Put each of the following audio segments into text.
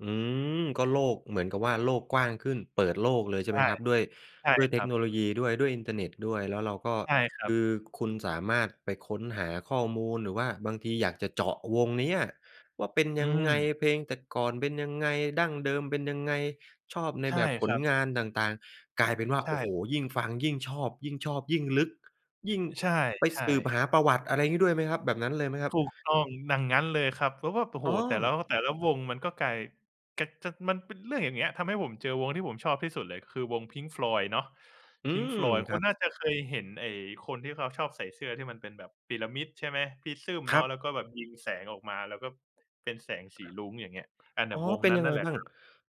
อืม ก็โลก เหมือนกับว่าโลกกว้างขึ้น เปิดโลกเลย ใใชช่ไหม่ ครับ? ด้วย ใช่ด้วยเคทรคับ โนโลยีด้วย ด้วยอินเทอร์เน็ตด้วย แล้วเราก็ ใช่ครัคบ ือคุณสามารถไปค้นหาข้อมูล หรือว่าบางทีอยากจะเจาะวงเนี้ยว่าเป็นอืยังไง? ม เพลงแต่ก่อนเป็นยังไง ดั้งเดิมเป็นยังไง? ชอบในใช่แบบผครลับ งานต่าง ๆ กลายเป็นว่า ใชโอ้โ่ ฮ ยิ่งฟังยิ่งชอบ ยิ่งชอบยิ่งลึก ยิ่ง อ ใช่ ไปใชสืบห่ าประวัติ อะไรงี้ ด้วยไหมครับ แบบนั้นเลยไหมครับ? ถูกต้อง อย่างงั้น เลยครับ แล้วแบบ โอ้โอฮ ๋อ แต่ละ แต่ละวงมันก็กลาย แกะ กะ มันเป็นเรื่องอย่างเงี้ย ทำให้ผมเจอวงที่ผมชอบที่สุดเลย คือวง Pink Floyd เนาะ อืPink ม Floyd คคุรัณบ น่าจะเคยเห็น ไอ้คนที่เขาชอบใส่เสื้อที่มันเป็นแบบพีระมิด ใช่ไหม? ปริซึมเคนารัะ บ แล้วก็แบบยิงแสงออกมา แล้วก็ เป็นแสงสีรุ้ง อย่างเงี้ย อันเนีอ่๋อ ย วงเป็นนั้ยนันงัไ่งนแหละบ้าคง รั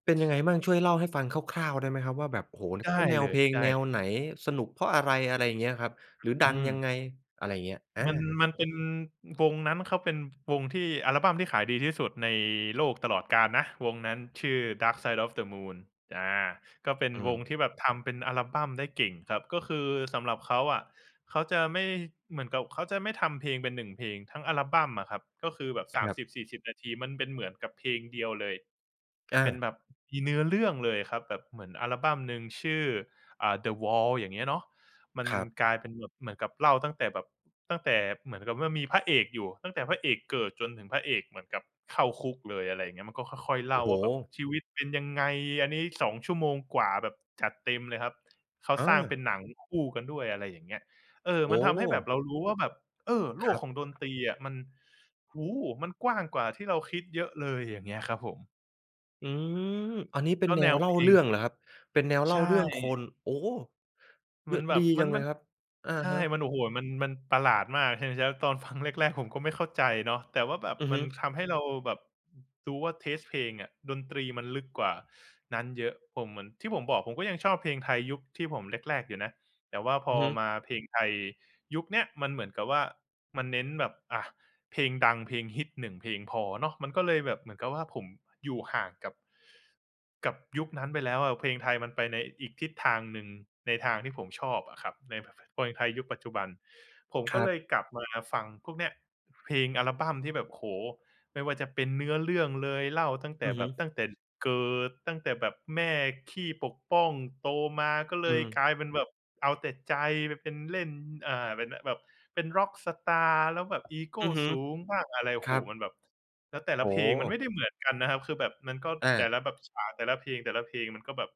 เป็นยังไงมั่ง? ช่บ วยเล่าให้ฟังคร่าว ๆ ได้ไหมครับว่า แบบ โอ้โฮ แล้ไวดเ้ขาแนวเลเพย ลงไดแ้ นล วไหน? สนุกเพราะอะไร? อะไรอย่างเงี้ยครับ อ หรืออดืังม ยังไง? อะไรอย่างเงี้ย อมัน า มันเป็น วงนั้นเขาเป็นวงที่ อัลบั้มที่ขายดีที่สุดในโลกตลอดกาลนะ วงนั้น ชื่อ Dark Side of the Moon อา ก็เป็นอืวม งที่แบบทำเป็นอัลบัมได้เก่งครับ ก็คือสำหรับเขาอะ เขาจะไม่ เหมือนกับเขาจะไม่ทำเพลงเป็น 1 เพลง ทั้งอัลบัมอะครับ ก็คือแบบ คสามรับ สิบสี่สิบ นาที มันเป็นเหมือนกับเพลงเดียวเลย อเป็นา แบบ มีเนื้อเรื่องเลยครับ แบบเหมือนอัลบัมหนึ่งชื่อ อ่า The Wall อย่างเงี้ยเนาะ มันครับ กลายเป็นแบบเหมือนกับเล่าตั้งแต่แบบ ตั้งแต่เหมือนกับว่ามีพระเอกอยู่ ตั้งแต่พระเอกเกิด จนถึงพระเอกเหมือนกับเข้าคุกเลย อะไรอย่างเงี้ย มันก็ค่อย ๆ เลโ่อ้าโฮ! ว่าแบบชีวิตเป็นยังไง อันนี้ 2 ชั่วโมงกว่าแบบจัดเต็มเลยครับ เขาเสร้างเปออ ็นหนังคู่กันด้วย อะไรอย่างเงี้ย เออ โอมั้นทโำให้แบบฮ! เรารู้ว่าแบบ เออ โลครกัของดนบ ตรีอะ มัน โอ้โฮ! มันกว้างกว่าที่เราคิดเยอะเลยอย่างเงี้ยครับผม อืม อันนี้เป็นก็แนแนววเล่เาพลเรืง ่องเหรอครับ? เป็นแนวเใล่ชาเรื่องค่ น โอ้ เรมืั่อ นแบดีบ มจััน งเลมัยน ครับ อะใชฮ่ ะ มัน โอ้โฮ มัน มันประหลาดมาก ใช่ไหมจ้ะ? ตอนฟังแรก ๆ ผมก็ไม่เข้าใจเนาะ แต่ว่าแบบอือมฮัึ นทำให้เราแบบ อือ รู้ว่า เทสต์ เพลงอะ ดนตรีมันลึกกว่า นั้นเยอะ ผม เหมือนที่ผมบอก ผมก็ยังชอบเพลงไทยยุคที่ผม แรก ๆ อยู่นะ แต่ว่าพอืออฮึ มาเพลงไทยยุคเนี้ย มันเหมือนกับว่ามันเน้นแบบ อะ เพลงดังเพลงฮิต 1 เพลงพอเนาะ มันก็เลยแบบเหมือนกับว่า ผมอยู่ห่างกับ กับยุคนั้นไปแล้วอะ เพลงไทยมันไปในอีกทิศทางหนึ่ง ในทางที่ผมชอบอะครับ ใน พ พ เพลงไทยยุคปัจจุบัน ผมคก็รัเลบ ยกลับมาฟังพวกเนี้ย เพลงอัลบัมที่แบบ โอ้โฮ ไม่ว่าจะเป็นเนื้อเรื่องเลย เล่าตั้งแตอ่ือแฮบึ บ ตั้งแต่เกิด ตั้งแต่แบบแม่ขี้ปกป้อง โตมาก็เลอืยม กลายเป็นแบบเอาแต่ใจ ไปเป็นเล่น อ่า เป็น อ แบบเป็นร็อกสตาร์ แล้วแบบอีโกอือฮึ สูงบ้างอะไร โอ้คโฮ รับ มันแบบ แล้วแต่ลโอะ้เพลงมันไมโฮ ่ได้เหมือนกันนะครับ คือแบบมันก็ อแต่า ละแบบฉาก แต่ละเพลง ๆ มันก็แบบ